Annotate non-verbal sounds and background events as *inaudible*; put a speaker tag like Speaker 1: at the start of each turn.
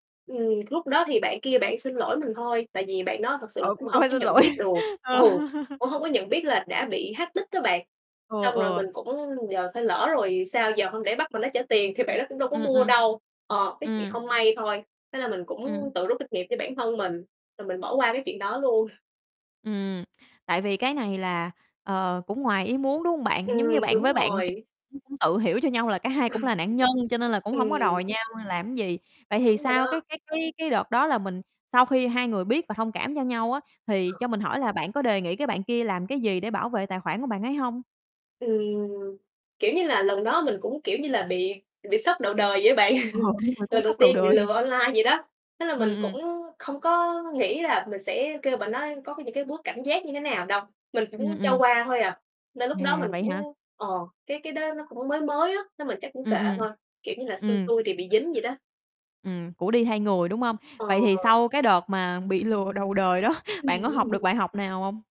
Speaker 1: Ừm, lúc đó thì bạn kia bạn xin lỗi mình thôi, tại vì bạn đó thật sự là
Speaker 2: Ờ,
Speaker 1: cũng
Speaker 2: cũng
Speaker 1: không
Speaker 2: phải
Speaker 1: có
Speaker 2: xin
Speaker 1: nhận biết
Speaker 2: lỗi,
Speaker 1: được, ừ,
Speaker 2: ờ. *laughs*
Speaker 1: cũng hông có nhận biết là đã bị hack nick đó bạn.
Speaker 2: Ừ,
Speaker 1: Xong rồi
Speaker 2: ừ.
Speaker 1: mình cũng giờ phải lỡ rồi sao giờ, hông lẽ bắt bạn đó trả tiền thì bạn đó cũng đâu có
Speaker 2: Ừm,
Speaker 1: mua
Speaker 2: ừm.
Speaker 1: đâu. Ờ, cái chuyện
Speaker 2: Ừm.
Speaker 1: không may thôi, thế là mình
Speaker 2: Ừm.
Speaker 1: cũng tự rút kinh nghiệm cho bản thân mình rồi mình bỏ qua cái chuyện đó luôn.
Speaker 2: Ừm, tại vì cái này là, ờ, cũng ngoài ý muốn, đúng hông bạn? Giống như
Speaker 1: Ừm,
Speaker 2: bạn
Speaker 1: đúng
Speaker 2: với bạn kia
Speaker 1: rồi.
Speaker 2: cũng tự hiểu cho nhau là cả hai cũng là nạn nhân cho
Speaker 1: *chuckles*
Speaker 2: nên là cũng hông có
Speaker 1: Ừm.
Speaker 2: đòi nhau làm gì. Vậy thì
Speaker 1: Đúng rồi
Speaker 2: sau cái
Speaker 1: đó.
Speaker 2: cái cái cái đợt đó là mình sau khi hai người biết và thông cảm cho nhau á thì
Speaker 1: Ờ.
Speaker 2: cho mình hỏi là bạn có đề nghị cái bạn kia làm cái gì để bảo vệ tài khoản của bạn ấy hông?
Speaker 1: Ừm, kiểu như là, lần đó mình cũng, kiểu như là, bị bị sốc đầu đời vậy á bạn,
Speaker 2: Ờ,
Speaker 1: *chuckles*
Speaker 2: đúng rồi, cú
Speaker 1: lần đầu
Speaker 2: sốc đầu
Speaker 1: tiên bị
Speaker 2: đời.
Speaker 1: lừa online vậy đó. Thế là
Speaker 2: Ừm,
Speaker 1: mình
Speaker 2: ừm.
Speaker 1: cũng không có nghĩ là mình sẽ kêu bạn đó có những cái bước cảnh giác như thế nào đâu, mình
Speaker 2: Ừm,
Speaker 1: cũng cho
Speaker 2: ừm.
Speaker 1: qua thôi à. Nên lúc đó
Speaker 2: À,
Speaker 1: mình
Speaker 2: vậy hả.
Speaker 1: cũng, ờ, cái cái đó nó cũng mới mới á, nên mình chắc cũng kệ
Speaker 2: Ừm, ừm.
Speaker 1: thôi, kiểu như là xui
Speaker 2: Ừm.
Speaker 1: xui thì bị dính vậy đó.
Speaker 2: Ừm, của đi thay người, đúng hông? Vậy thì
Speaker 1: Ờ.
Speaker 2: sau cái đợt mà bị lừa đầu đời đó, bạn có học được
Speaker 1: *chuckles*
Speaker 2: bài học nào hông?